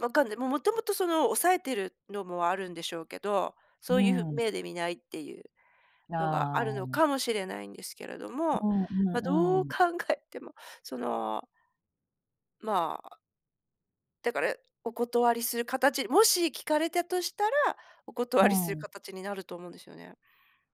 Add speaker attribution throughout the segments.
Speaker 1: わかんない、もうもともとその抑えてるのもあるんでしょうけど、そう
Speaker 2: う
Speaker 1: いう
Speaker 2: ん。
Speaker 1: 目で見ないっていう
Speaker 2: ああ
Speaker 1: のが、
Speaker 2: あ
Speaker 1: あ
Speaker 2: あ
Speaker 1: るの
Speaker 2: ああ。
Speaker 1: かもしれないんですけれども、
Speaker 2: うんう
Speaker 1: まあ、
Speaker 2: んう
Speaker 1: どう
Speaker 2: ん。
Speaker 1: 考えてもそのまあだから、お断りする形もし聞かれたとしたら、お断
Speaker 2: う
Speaker 1: りする
Speaker 2: ん。
Speaker 1: 形になると思うんですよね。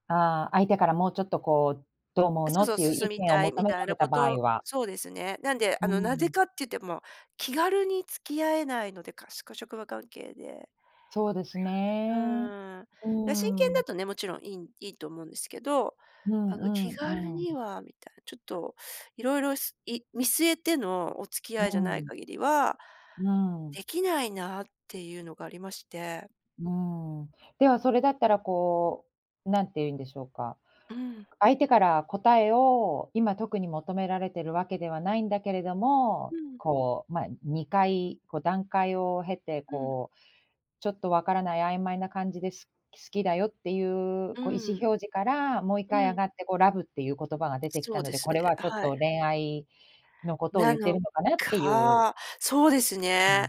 Speaker 2: ああ、相手からもうちょっと、こう、どう思う
Speaker 1: そ
Speaker 2: の
Speaker 1: う
Speaker 2: っ
Speaker 1: そう、
Speaker 2: ていう
Speaker 1: 進
Speaker 2: 意
Speaker 1: み
Speaker 2: 見を
Speaker 1: たい
Speaker 2: 求
Speaker 1: み
Speaker 2: めら
Speaker 1: たい
Speaker 2: れ
Speaker 1: な
Speaker 2: た
Speaker 1: こ
Speaker 2: 場合
Speaker 1: と。
Speaker 2: は？
Speaker 1: そうですね。なんで、
Speaker 2: う
Speaker 1: あの、なぜ
Speaker 2: ん。
Speaker 1: かって言っても、気軽に付き合えないので、かしか職場関係で。
Speaker 2: そうです
Speaker 1: え、う
Speaker 2: ね、
Speaker 1: ーん。い
Speaker 2: う
Speaker 1: や真
Speaker 2: ー
Speaker 1: 剣だ
Speaker 2: ん。
Speaker 1: とね、もちろん良いん良いと思うんですけど、
Speaker 2: うん
Speaker 1: あ
Speaker 2: う
Speaker 1: の、気
Speaker 2: んう
Speaker 1: 軽
Speaker 2: んう
Speaker 1: に
Speaker 2: ん。
Speaker 1: はみたいな。ちょっといろいろ、すい見据えてのお付き
Speaker 2: う
Speaker 1: 合いじゃない
Speaker 2: ん。
Speaker 1: 限りは、
Speaker 2: うん。
Speaker 1: できないなっていうのがありまして。
Speaker 2: うん、ではそれだったらこう、なんていうんでしょうか、
Speaker 1: うん。
Speaker 2: 相手から答えを、今特に求められてるわけではないんだけれども、
Speaker 1: うん。
Speaker 2: こう、ま、2回こう段階を経て、
Speaker 1: うん。
Speaker 2: こう、ちょっとわからない曖昧な感じです好きだよっていう
Speaker 1: う
Speaker 2: こう、意思
Speaker 1: ん。
Speaker 2: 表示からもう一
Speaker 1: う
Speaker 2: 回上
Speaker 1: ん。
Speaker 2: がってこう love っていう言葉が出てき
Speaker 1: そ
Speaker 2: た
Speaker 1: う
Speaker 2: の
Speaker 1: で
Speaker 2: で、
Speaker 1: す
Speaker 2: こ
Speaker 1: ね。
Speaker 2: れはちょっ
Speaker 1: はい。
Speaker 2: と恋愛のことを
Speaker 1: な
Speaker 2: 言って
Speaker 1: の
Speaker 2: るのかなっていう
Speaker 1: か、そうです
Speaker 2: うん。
Speaker 1: ね。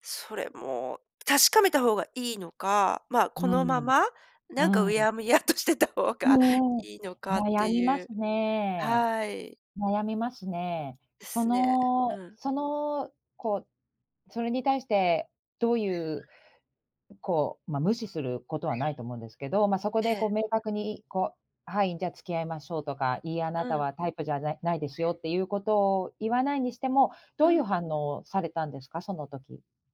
Speaker 1: それも確かめた方が良いのか、ま、
Speaker 2: うん
Speaker 1: このま
Speaker 2: うん。
Speaker 1: ま、
Speaker 2: う
Speaker 1: なんか
Speaker 2: ん
Speaker 1: う
Speaker 2: うん。
Speaker 1: やむやとしてた方
Speaker 2: う
Speaker 1: が
Speaker 2: んうん、
Speaker 1: 良いのかっ
Speaker 2: 悩
Speaker 1: て
Speaker 2: み
Speaker 1: い
Speaker 2: ま
Speaker 1: う。
Speaker 2: すね
Speaker 1: はい。
Speaker 2: 悩みますね。
Speaker 1: で
Speaker 2: そ
Speaker 1: すねう
Speaker 2: の
Speaker 1: ん。
Speaker 2: その、こうそれに対してどういう、うこう、ま、無視することはないと思うんですけど、ま、そこ
Speaker 1: え
Speaker 2: でこ
Speaker 1: え。
Speaker 2: う明確に、こう「はい、じゃ、付き合いましょう」とか、いい、あな
Speaker 1: う
Speaker 2: た
Speaker 1: ん。
Speaker 2: はタイプじゃないないですよっていうことを言わないにしても、ど
Speaker 1: う
Speaker 2: ういう
Speaker 1: ん。
Speaker 2: 反応をされたんですか、その時。